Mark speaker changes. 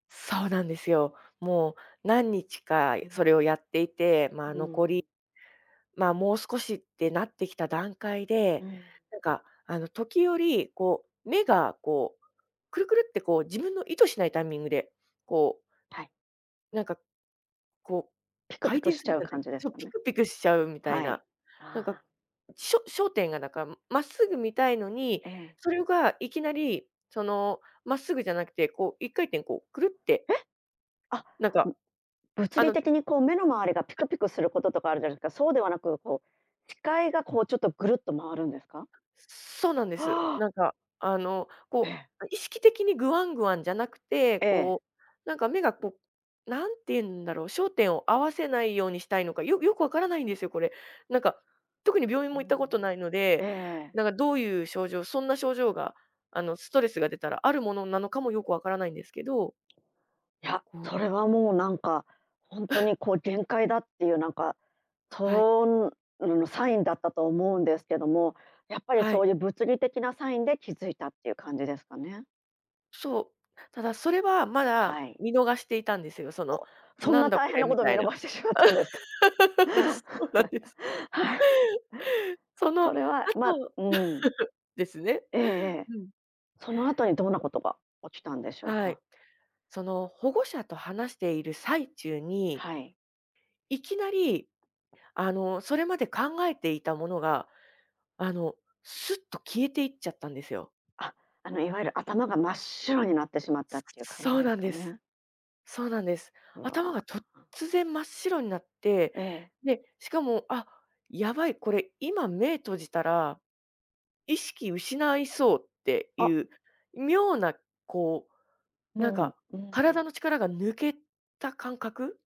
Speaker 1: そうなんですよ。もう何日か
Speaker 2: う
Speaker 1: いそ
Speaker 2: ん。
Speaker 1: れをやっていて、ま
Speaker 2: う
Speaker 1: あ、
Speaker 2: ー
Speaker 1: 残
Speaker 2: ん。
Speaker 1: り、まあ、もう少しってなってきた段階
Speaker 2: う
Speaker 1: で、
Speaker 2: ん。
Speaker 1: なか、あの、時折、こう、目がこう、くるくるってこう自分の意図しないタイミングで、こう
Speaker 2: はい。
Speaker 1: なんか、こう、
Speaker 2: ピクピ
Speaker 1: 回
Speaker 2: ク
Speaker 1: 転
Speaker 2: し
Speaker 1: す
Speaker 2: ち
Speaker 1: る
Speaker 2: ゃ
Speaker 1: じ
Speaker 2: う
Speaker 1: ゃな
Speaker 2: 感
Speaker 1: い
Speaker 2: じです
Speaker 1: そう
Speaker 2: か
Speaker 1: ピ
Speaker 2: ね。
Speaker 1: クピクしちゃうみたい
Speaker 2: はい、
Speaker 1: な。なんか
Speaker 2: ああ。
Speaker 1: しょ焦点がなか、まっすぐ見たいのに、
Speaker 2: ええ。
Speaker 1: それがいきなり、その、まっすぐじゃなくて、こう一回転、こう、くるって
Speaker 2: えっ、あ、
Speaker 1: なんか
Speaker 2: ん物
Speaker 1: あ
Speaker 2: 理
Speaker 1: の
Speaker 2: 的にこう目の周りが、ピ
Speaker 1: あ
Speaker 2: クピクすることとかあるじゃないですか。そうではなく、こう視界がこうちょっとぐるっと回るんですか？
Speaker 1: そうなんです。
Speaker 2: はあ！
Speaker 1: なんか、あのこ
Speaker 2: え！
Speaker 1: う、意識的にグワングワンじゃなくて、
Speaker 2: ええ。
Speaker 1: こう、なんか目が、こ、何て言うんだろう、焦点を合わせないようにしたいのか、よよくわからないんですよ、これ。なんか特に病院
Speaker 2: うー
Speaker 1: も行ったことない
Speaker 2: ん、
Speaker 1: の
Speaker 2: え
Speaker 1: で、
Speaker 2: えええ。
Speaker 1: なかどういう症状、そんな症状があのストレスが出たらあるものなのかもよくわからないんですけど
Speaker 2: や、
Speaker 1: こう
Speaker 2: それはもうなんか、ほんと にこう限界だっていうなんか、
Speaker 1: はい。
Speaker 2: そんのサインだったと思うんですけども、やっぱり
Speaker 1: は
Speaker 2: そ
Speaker 1: い。
Speaker 2: ういう物理的なサインで気づいたっていう感じですかね？
Speaker 1: そう。ただそれは、まだ
Speaker 2: はい。
Speaker 1: 見逃していたんですよ。その、
Speaker 2: お、そん
Speaker 1: なん
Speaker 2: な
Speaker 1: だ
Speaker 2: 大
Speaker 1: こ
Speaker 2: 変
Speaker 1: れ
Speaker 2: なこ
Speaker 1: み
Speaker 2: とを
Speaker 1: た
Speaker 2: 見
Speaker 1: いな。
Speaker 2: 逃してしまったんですか？
Speaker 1: そうなんです。
Speaker 2: はい。
Speaker 1: その
Speaker 2: そ
Speaker 1: 後、
Speaker 2: れはまあ うん。
Speaker 1: ですね。
Speaker 2: ええええ。
Speaker 1: うん。
Speaker 2: その後にどんなことが起きたんでしょう
Speaker 1: はい。
Speaker 2: か？
Speaker 1: その保護者と話している最中に
Speaker 2: はい。
Speaker 1: いきなり、あの、それまで考えていたものが、あのすっと消えていっちゃったんですよ。
Speaker 2: あ、あのいわゆる頭が真っ白になってしまった
Speaker 1: す
Speaker 2: っていう感
Speaker 1: そ
Speaker 2: じ
Speaker 1: う
Speaker 2: で
Speaker 1: な
Speaker 2: す
Speaker 1: ん
Speaker 2: か
Speaker 1: です、
Speaker 2: ね？
Speaker 1: そうなんです。
Speaker 2: う
Speaker 1: 頭が
Speaker 2: わ。
Speaker 1: とっつぜん真っ白んなって、
Speaker 2: ええ。
Speaker 1: で、しかも「あ、やばいこれ今目閉じたら、意識失いそう」ってい
Speaker 2: あ
Speaker 1: う妙な、こう、なんか、
Speaker 2: もう、うーん。
Speaker 1: 体の力が抜けた感覚。